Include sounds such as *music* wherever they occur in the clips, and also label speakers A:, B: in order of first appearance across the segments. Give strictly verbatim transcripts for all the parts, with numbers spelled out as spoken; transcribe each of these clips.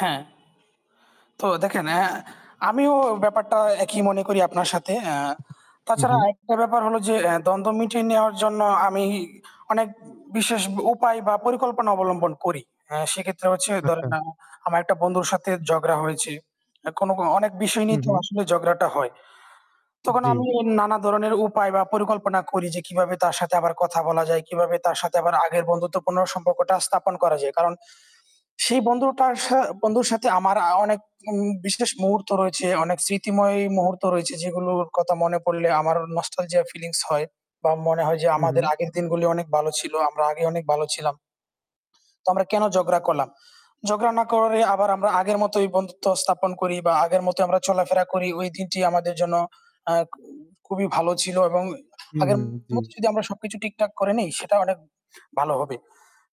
A: হ্যাঁ। তো দেখেন এ্যা আমিও ব্যাপারটা একই মনে করি আপনার সাথে। এ্যা
B: হু,
A: তাছাড়া
B: হু।
A: আরেকটা ব্যাপার হল যে, এ্যা দ্বন্দ্ব মিটিয়ে নেওয়ার জন্য আমি অনেক উম বিশেষ উপায় বা পরিকল্পনা অবলম্বন করি, অ্যা সেক্ষেত্রে হচ্ছে ধরেন
B: আচ্ছা।
A: আ আমার একটা বন্ধুর সাথে জগড়া হয়েছে। এ্যা কোন, কোন অনেক বিষয়
B: হু,
A: নিয়ে তো
B: হু।
A: আসলে ঝগড়াটা হয়। তখন
B: জ্বী।
A: আমি নানা ধরনের উপায় বা পরিকল্পনা করি যে, "কিভাবে তার সাথে আবার কথা বলা যায়, কিভাবে তার সাথে আবার আগের বন্ধুত্বপূর্ণ সম্পর্কটা স্থাপন করা যায়!" কারণ সেই বন্ধুটার সা বন্ধুর সাথে আমার আ অনেক উ বিশেষ মুহূর্ত রয়েছে। অনেক স্মৃতিময় মুহূর্ত রয়েছে, যেগুলোর কথা মনে পড়লে আমার নস্টালজিয়া ফিলিংস হয় বা মনে হয় যে
B: হু,
A: আমাদের
B: হু।
A: আগের দিনগুলি অনেক বালো ছিল। আমরা আগে অনেক ভালো ছিলাম। তো আমরা কেন ঝগড়া করলাম? ঝগড়া না করে আবার আমরা আগের মতই বন্ধুত্ব স্থাপন করি বা আগের মতই আমরা চলাফেরা করি ওই দিনটি আমাদের জন্য আ উ খুবই ভালো ছিল এবং আগের
B: উম-হুম, জ্বী।
A: মতো যদি আমরা সবকিছু ঠিকঠাক করে নেই, সেটা অনেক ভালো হবে।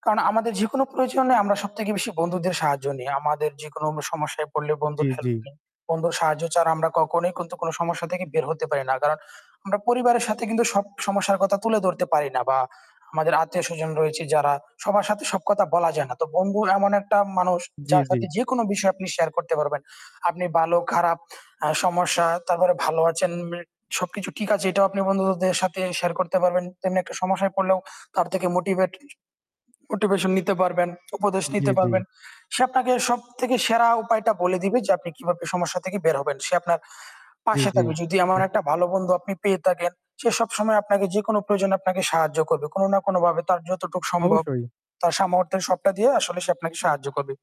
A: কারণ আমাদের যেকোনো প্রয়োজনে আমরা সবথেকে বেশি বন্ধুদের সাহায্য নেই। আমাদের যেকোন আমরা সমস্যায় পড়লে
B: উ
A: বন্ধুর
B: জ্বী,
A: হেল্প
B: জ্বী।
A: নেই। বন্ধুর সাহায্য ছাড়া আমরা কখনোই কিন্তু কোন সমস্যা থেকে বের হতে পারি না। কারণ আমরা পরিবারের সাথে কিন্তু সব সমস্যার কথা তুলে ধরতে পারি না। বা আমাদের আত্মীয়স্বজন রয়েছে যারা, সবার সাথে সব কথা বলা যায় না। তো বন্ধু এমন একটা মানুষ,
B: জ্বি,
A: যার
B: জ্বি।
A: সাথে যেকোনো বিষয় আপনি শেয়ার করতে পারবেন। আপনি বালো খারাপ আ সমস্যা, তারপরে ভালো আছেন মি সবকিছু ঠিক আছে এটাও আপনি বন্ধুদের সাথে শেয়ার করতে পারবেন। তেমনি একটা সমস্যায় পড়লেও তার থেকে মোটিভেট মোটিভেশন নিতে পারবেন, উপদেশ
B: জ্বী,
A: নিতে
B: জ্বী।
A: পারবেন। সে আপনাকে সব থেকে সেরা উপায়টা বলে দিবে যে, আপনি কিভাবে সমস্যা থেকে বের হবেন। সে আপনার
B: জ্বী,
A: পাশে
B: জ্বী।
A: থাকবে। যদি এমন
B: হুম।
A: একটা ভালো বন্ধু আপনি পেয়ে থাকেন, সে সবসময় আপনাকে যেকোন প্রয়োজনে আপনাকে সাহায্য করবে। কোন না কোন ভাবে তার যতটুক সম্ভব।
B: অবশ্যই।
A: তার সামর্থ্যের সবটা দিয়ে আসলে সে আপনাকে সাহায্য করবে।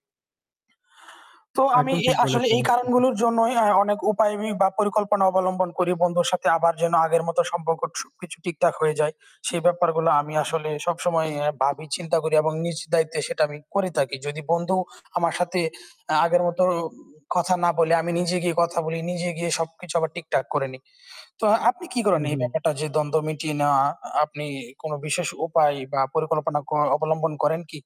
A: তো আমি
B: একদম
A: এ
B: ঠিক
A: আসলে
B: বলেছেন।
A: এই
B: *chuckles*
A: কারণগুলোর জন্যই আ অনেক উপায় বি বা পরিকল্পনা অবলম্বন করি। বন্ধুর সাথে আবার যেন আগের মতো সম্পর্ক থু কিছু ঠিকঠাক হয়ে যায়। সেই ব্যাপারগুলো আমি আসলে সবসময় এ্যা ভাবি চিন্তা করি এবং নিজের দায়িত্বে সেটা আমি করে থাকি। যদি বন্ধু আমার সাথে এ্যা আগের মতো কথা না বলে, আমি নিজে গিয়ে কথা বলি, নিজে গিয়ে সবকিছু আবার ঠিকঠাক করে নিই। তো আপনি কি করেন
B: হুম,
A: এই
B: হুম।
A: ব্যাপারটা যে দ্বন্দ্ব মিটিয়ে নেওয়া, আপনি কোন বিশেষ উপায় বা পরিকল্পনা কোনো অবলম্বন করেন কি?